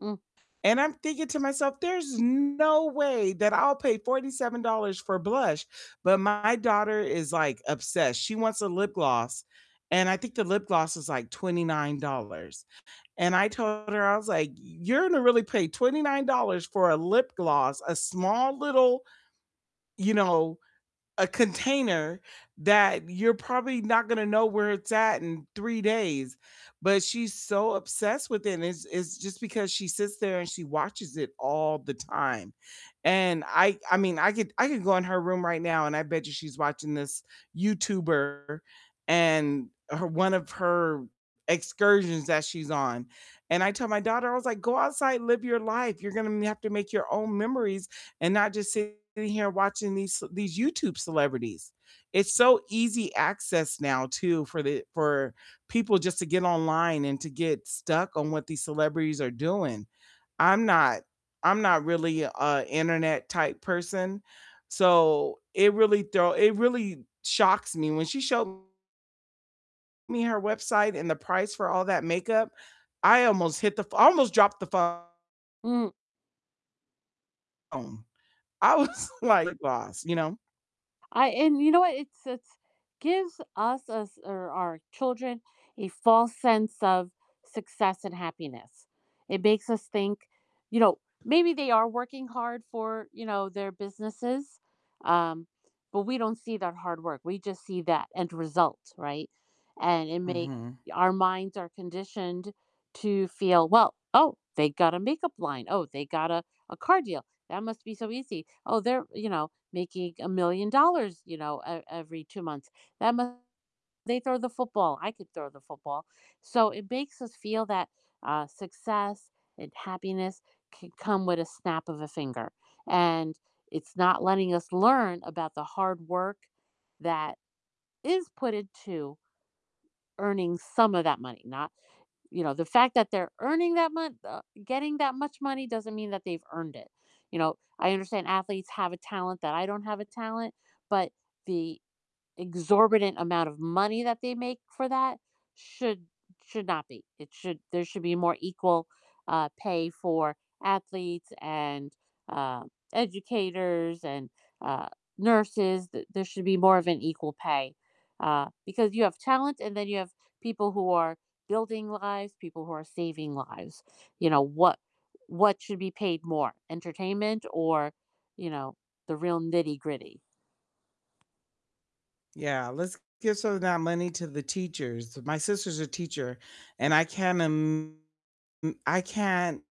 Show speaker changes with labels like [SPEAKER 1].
[SPEAKER 1] Mm.
[SPEAKER 2] and I'm thinking to myself, there's no way that I'll pay $47 for blush, but my daughter is, like, obsessed. She wants a lip gloss, and I think the lip gloss is, like, $29, and I told her, I was like, "You're gonna really pay $29 for a lip gloss, a small little you know, a container that you're probably not gonna know where it's at in 3 days?" But she's so obsessed with it and it's it's just because she sits there and she watches it all the time. And I I mean, I could I could go in her room right now and I bet you she's watching this YouTuber and her one of her excursions that she's on. And I tell my daughter, I was like, "Go outside, live your life, you're gonna have to make your own memories and not just sitting here watching these ce these YouTube celebrities." It's so easy access now too, for the for people just to get online and to get stuck on what these celebrities are doing. I'm not I'm not really a internet type person, so it really throw it really shocks me, when she showed me her website and the price for all that makeup, I almost hit the fl I almost dropped the phone.
[SPEAKER 1] Mm.
[SPEAKER 2] I was, like, lip gloss, you know?
[SPEAKER 1] I and you know what, it's it's gives us as or our children a false sense of success and happiness. It makes us think, you know, maybe they are working hard for, you know, their businesses, um, but we don't see that hard work, we just see that end result, right? And it make
[SPEAKER 2] Mhm.
[SPEAKER 1] Our minds are conditioned to feel, "Well, oh, they got a makeup line, oh, they got a a car deal, that must be so easy. Oh, they're, you know, making $1,000,000, you know, e every 2 months. That mu They throw the football, I could throw the football." So, it makes us feel that, uh, success and happiness can come with a snap of a finger, and it's not letting us learn about the hard work that is put into earning some of that money, not, you know, the fact that they're earning that mon uh, getting that much money doesn't mean that they've earned it. You know, I understand athletes have a talent that I don't have a talent, but the exorbitant amount of money that they make for that should should not be. It should there should be more equal, uh, pay for athletes and, uh, educators and, uh, nurses, th there should be more of an equal pay, uh, because you have talent and then you have people who are building lives, people who are saving lives. You know, what what should be paid more, entertainment or, you know, the real nitty-gritty?
[SPEAKER 2] Yeah, let's give some of that money to the teachers. My sister's a teacher, and I can't im m I can't